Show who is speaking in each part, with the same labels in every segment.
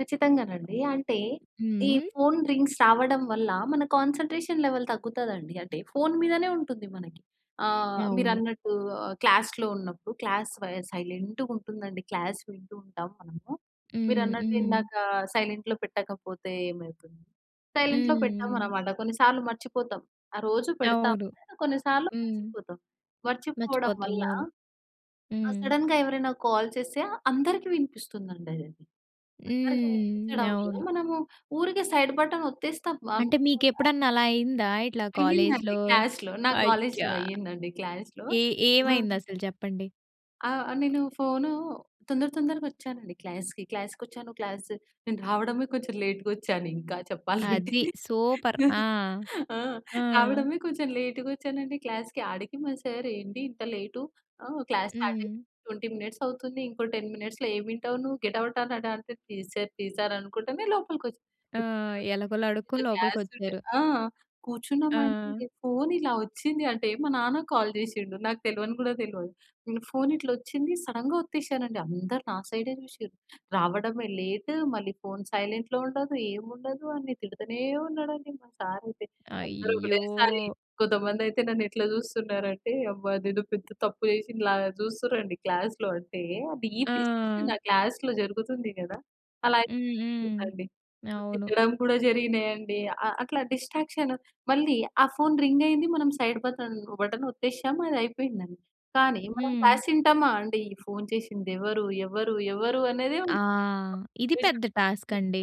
Speaker 1: ఖచ్చితంగానండి. అంటే
Speaker 2: హ్మ్.
Speaker 1: ఈ
Speaker 2: హ్మ్.
Speaker 1: ఫోన్ రింగ్స్ రావడం వల్ల, మన కాన్సన్‌ట్రేషన్ లెవెల్ తగ్గుతుందండి. అంటే ఫోను మీదనే ఉంటుంది. మనకి ఆహ్,
Speaker 2: అవును.
Speaker 1: మీరన్నట్టు ఆహ్, క్లాస్‌లో ఉన్నప్పుడు, క్లాస్ స సైలెంటుగుంటుందండి క్లాస్ వింటూ ఉంటాం మనము.
Speaker 2: హ్మ్.
Speaker 1: మీరన్నట్టు
Speaker 2: హ్మ్.
Speaker 1: ఇందాక సైలెంట్‌లో పెట్టకపోతే ఏమవుతుంది, సైలెంట్‌లో
Speaker 2: హ్మ్.
Speaker 1: పెటమనమాట కొన్నిసార్లు మర్చిపోతాం. ఆ రోజు
Speaker 2: అవును.
Speaker 1: పెడతాం‌లే, కొన్నిసార్లు
Speaker 2: హ్మ్.
Speaker 1: మర్చిపోతాం. మర్చిపోవడం
Speaker 2: మర్చిపోతాం.
Speaker 1: వల్ల,
Speaker 2: అవును.
Speaker 1: ఆ!
Speaker 2: హ్మ్.
Speaker 1: సడెన్‌గా ఎవరైనా కాల్ చేస్తే అందరికి వినిపిస్తుందండదది. అందరికి
Speaker 2: హ్మ్.
Speaker 1: వినిపించడం వల్ల,
Speaker 2: అవును.
Speaker 1: మనము ఊరికే సైడ్ బటన్ ఒత్తేస్తాం
Speaker 2: అంటే
Speaker 1: అనుకోకుండ.
Speaker 2: మీకేప్పుడన్నా అలా అయిందా? ఇట్లా
Speaker 1: అయ్యిందండి.
Speaker 2: కాలేజ్‌లో
Speaker 1: క్లాస్‌లో నా కాలేజ్‌లో
Speaker 2: అయ్యా!
Speaker 1: అయ్యిందండి క్లాస్‌లో.
Speaker 2: ఏ
Speaker 1: ఆ!
Speaker 2: ఏమైందసలు చెప్పండి.
Speaker 1: ఆ! నేను ఫోను తొందర తొందరగా ఒచ్చానండి క్లాస్‌కి. క్లాస్‌కొచ్చాను క్లాస్ నేను రావడమే కొంచెం లేట్‌గోచ్చానింకా చెప్పాలంటే.
Speaker 2: అది. సూపర్ ఆ!
Speaker 1: ఆ!
Speaker 2: ఆ!
Speaker 1: రావడమే కొంచెం లేట్ గోచ్చానండి క్లాస్‌కి. అడికి మా సార్ "ఏంటి ఇంత లేటు? ఆ! క్లాస్ స్టార్ట్ అయ్యింది
Speaker 2: హ్మ్.
Speaker 1: 20 మినిట్సవుతుంది. ఇంకో 10 మినిట్స్‌లో ఏం ఇంటవు నువ్వు? గెట్ అవుట్" అనడంటే "ప్లీజ్ సార్ ప్లీజ్ సార్" అనుకుంటనే లోపలికి ఒచ్చాను.
Speaker 2: ఆ!
Speaker 1: ఒచ్చిన తర్వాత
Speaker 2: ఎలగోల అడుక్కొని
Speaker 1: సైలెంట్‌గా క్లాస్ వింటే
Speaker 2: లోపలికొచ్చారు.
Speaker 1: ఆ! కూర్చున్నాం
Speaker 2: ఆ!
Speaker 1: అంటే ఫోన్ ఇలా ఒచ్చింది అంటే మా నాన్న కాల్ జేశిండు నాకు తెలవని గూడా తెలవదు. నేను ఫోనిట్లా ఒచ్చింది సడెన్‌గా ఓత్తేసానండి. అందరు నా సైడే జూసిర్రు. "రావడమే లేట్, మళ్ళీ ఫోన్ సైలెంట్‌లో ఉండదు. ఏముండదు" అని తిడుతూనే ఉన్నాడండి మా సారైతే. అందరూ
Speaker 2: అయ్యో!
Speaker 1: ఒకటేసారి కొంతమందయితే నన్నెట్లా జూస్తున్నారు అంటే, అబ్బా! నేను పెద్ద తప్పు జేశిన లాగా జూస్తురండి క్లాస్‌లో అంటే ఆ డీప్ డిస్క‌షన్
Speaker 2: ఆ!
Speaker 1: ఆ క్లాస్‌లో జరుగుతుంది గదా! అలా
Speaker 2: హ్మ్. హ్మ్.
Speaker 1: అయిపోతుందండి. సో,
Speaker 2: అవును.
Speaker 1: తిట్టడం కూడా జరిగినాయండి. ఆ అట్లా డిస్ట్రాక్షన్ మళ్ళీ ఆ ఫోన్ రింగయింది మనం సైడ్ బతన్ బటన్ ఒత్తేసాము అది అయిపోయిందం‌‌డి. కానీ మనం
Speaker 2: హ్మ్.
Speaker 1: క్లాస్ ఇంటామా అండి? ఈ ఫోన్ చేసింది ఎవరు, ఎవరు, ఎవరు, అనే‌దే
Speaker 2: ఆ!
Speaker 1: ఉంటుంది
Speaker 2: ఇది పెద్ద
Speaker 1: కాన్సన్‌ట్రేషన్
Speaker 2: టాస్కండి.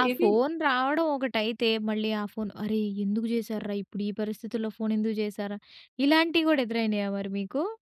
Speaker 1: ఇది
Speaker 2: ఆ
Speaker 1: ఇది
Speaker 2: ఫోన్ రావడం ఒకటైతే, మళ్ళీ ఆ ఫోన్ అరే! ఎందుకు జేసార్రా, ఇప్పుడు ఈ పరిస్థితుల్లో ఫోనేందుకు జేసార్ర, ఇలాంటియి గూడా ఎదురైనాయా మరి మీకు?